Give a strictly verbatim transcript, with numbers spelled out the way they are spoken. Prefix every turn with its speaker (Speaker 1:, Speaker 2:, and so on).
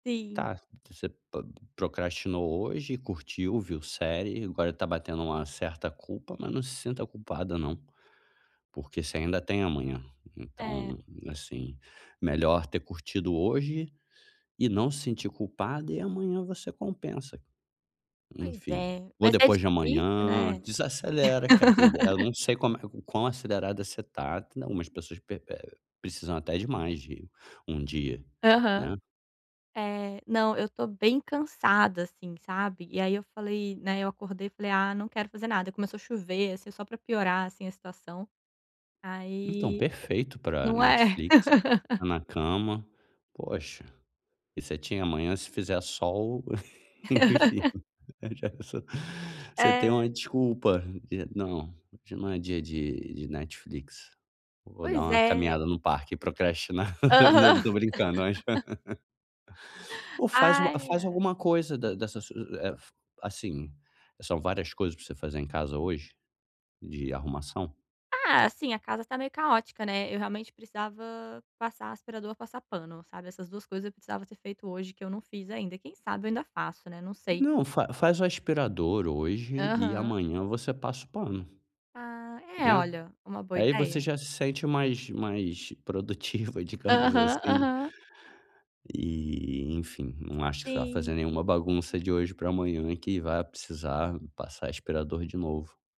Speaker 1: Sim.
Speaker 2: Tá. Você po procrastinou hoje. Curtiu, viu série. Agora está batendo uma certa culpa. Mas não se sinta culpada, não. Porque você ainda tem amanhã.
Speaker 1: É.
Speaker 2: Então, assim, melhor ter curtido hoje e não se sentir culpada, e amanhã você compensa.
Speaker 1: Pois
Speaker 2: Enfim.
Speaker 1: é,
Speaker 2: Ou
Speaker 1: mas é
Speaker 2: depois de
Speaker 1: difícil,
Speaker 2: amanhã.
Speaker 1: né?
Speaker 2: Desacelera, cara. Tem eu não sei como é o quão acelerado é você está. Tem algumas pessoas pe eh, precisam até de mais de um dia, né.
Speaker 1: Aham, é, não, eu estou bem cansada assim, sabe. E aí, eu falei, né, eu acordei e falei: "Ah, não quero fazer nada." E começou a chover assim só para piorar assim a situação,
Speaker 2: Então,
Speaker 1: aí
Speaker 2: perfeito para
Speaker 1: Não é.
Speaker 2: Netflix. Na cama, poxa, e você tinha amanhã, se fizer sol, enfim, já é só você tem uma
Speaker 1: É.
Speaker 2: desculpa de: "Não, hoje não é dia de de Netflix. Eu vou dar
Speaker 1: Pois
Speaker 2: uma
Speaker 1: é.
Speaker 2: caminhada no parque e procrastinar." Não, eu
Speaker 1: Aham.
Speaker 2: tô brincando. Ach Ou faz uma
Speaker 1: Ai,
Speaker 2: faz
Speaker 1: ai.
Speaker 2: alguma coisa da dessa su eh, f assim, são várias coisas para você fazer em casa hoje de arrumação?
Speaker 1: Ah, assim, a casa tá meio caótica, né. Eu realmente precisava passar aspirador ou passar pano, sabe. Essas duas coisas eu precisava ser feito hoje que eu não fiz ainda. Quem sabe eu ainda faço, né, não sei.
Speaker 2: Não, fa faz o aspirador hoje e
Speaker 1: Aham.
Speaker 2: amanhã você passa o pano,
Speaker 1: Ah, é,
Speaker 2: né,
Speaker 1: olha, uma boa
Speaker 2: aí você
Speaker 1: ideia.
Speaker 2: já se sente mais mais produtiva, digamos
Speaker 1: Aham,
Speaker 2: assim.
Speaker 1: aham.
Speaker 2: E, enfim, não acho que você vai fazer
Speaker 1: Sim.
Speaker 2: nenhuma bagunça de hoje para amanhã que vá precisar passar aspirador de novo.